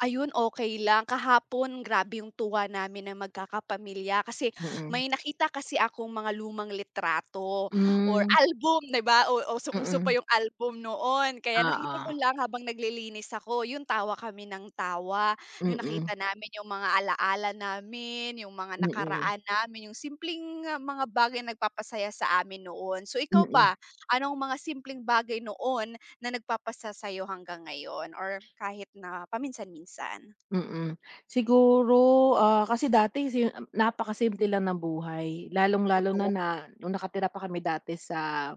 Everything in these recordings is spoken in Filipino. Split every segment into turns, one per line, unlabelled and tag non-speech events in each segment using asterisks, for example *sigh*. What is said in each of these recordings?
Ayun okey lang kahapon grabe yung tuwa namin na magkakapamilya kasi
Mm.
may nakita kasi akong mga lumang litrato or
Mm.
album, 'di 'ba o usong-uso pa
Mm.
yung album noon kaya nakita ko
Oo.
lang habang naglilinis ako 'yun tawa kami ng tawa. 'Yon
Mm.
nakita namin yung mga alaala namin, yung mga
Mm.
nakaraan namin, yung simpleng mga bagay nagpapasaya sa amin noon. So ikaw ba,
Mm.
anong mga simpleng bagay noon na nagpapasa sa'yo hanggang ngayon or kahit na paminsan-minsan?
Mm, siguro, ah, kasi dati si napakasimple lang ng buhay lalong-lalo
Totoo.
na nung nakatira pa kami dati sa,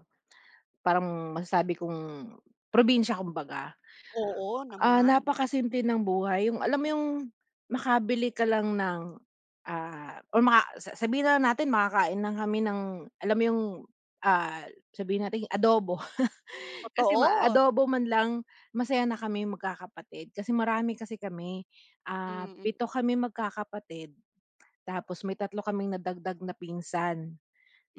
parang masasabi kong probinsya kumbaga.
Oo
Ah,
naman.
napakasimple ng buhay yung alam mo yung makabili ka lang ng, ah, or maka sa sabihin na natin makakain lang kami ng alam mo yung ah sabihin nating adobo. *chuckles* Kasi ma
Totoo.
adobo man lang masaya na kaming magkakapatid kasi marami kasi kami, ah,
Mm.
7 kaming magkakapatid, tapos may 3 kaming nadagdag na pinsan.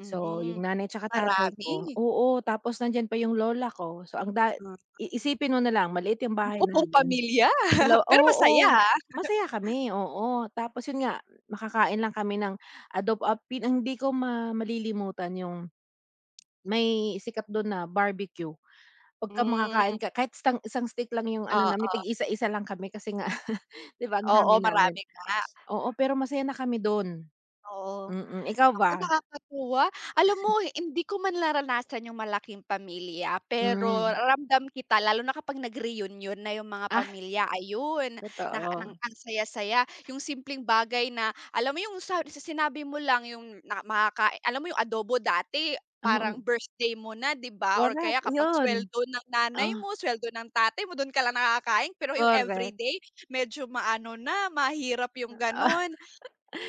So yung nanay 'tsaka tatay ko,
marami.
oo tapos nandiyan pa yung lola ko. So ang da
Mm.
iisipin mo nalang maliit yung
O
bahay
buong
namin.
pamilya,
Ilaw
pero masaya
Oo,
ha. *chuckles*
masaya kami, oo, tapos 'yun nga makakain lang kami ng adobo ap ang hindi ko ma malilimutan yung, may sikat dun na Barbeque, pagka makakain
Mm.
ka kahit istang isang stick lang yung ano namin
Oo.
tig isa-isa lang kami kasi nga, *chuckles* 'di 'ba ang
Oo
dami namin.
marami nga.
Oo pero masaya na kami dun.
Oo,
Mm, ikaw
naku
ba?
nakakatuwa. Alam mo hindi ko man naranasan yung malaking pamilya pero
Mm.
raramdam kita lalo na kapag nag-reunion na yung mga
Ah.
pamilya ayun na ng
Totoo.
ang saya-saya, yung simpleng bagay na alam mo yung sa sinabi mo lang yung na makakai alam mo yung adobo dati parang
Ano.
birthday mo na 'di 'ba or
Correct
kaya kapag
yun,
sweldo ng nanay
ah.
mo, sweldo ng tatay mo, dun ka lang nakakain pero yung
Correct.
everyday medyo maano na mahirap yung
Ah.
ganon,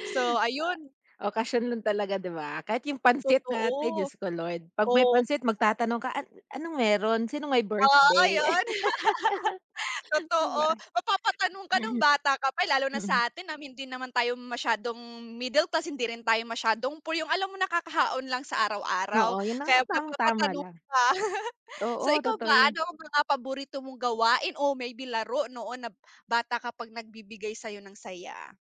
so ayun.
Okasyon lang talaga 'di ba, kahit yung pansit natin
Totoo,
Diyos ko Lord 'pag may
oo.
pansit magtatanong ka, an anong meron sinong may
Oo
birthday?
'yon. *laughs*
*laughs* Di ba.
Totoo mapapatanong ka nung bata ka pa lalo na
Mm.
sa'tin na hindi naman tayo masyadong middle class, hindi rin tayo masyadong poor, yung alam mong nakakaahon lang sa araw-araw,
Oo yun na nga
kaya
parang tama
napapatanong
lang.
ka. *laughs* So
Oo
ikaw ba,
totoo 'yon.
ano ang mga paborito mong gawain o maybe laro noon na bata kapag nagbibigay sa'yo nang saya?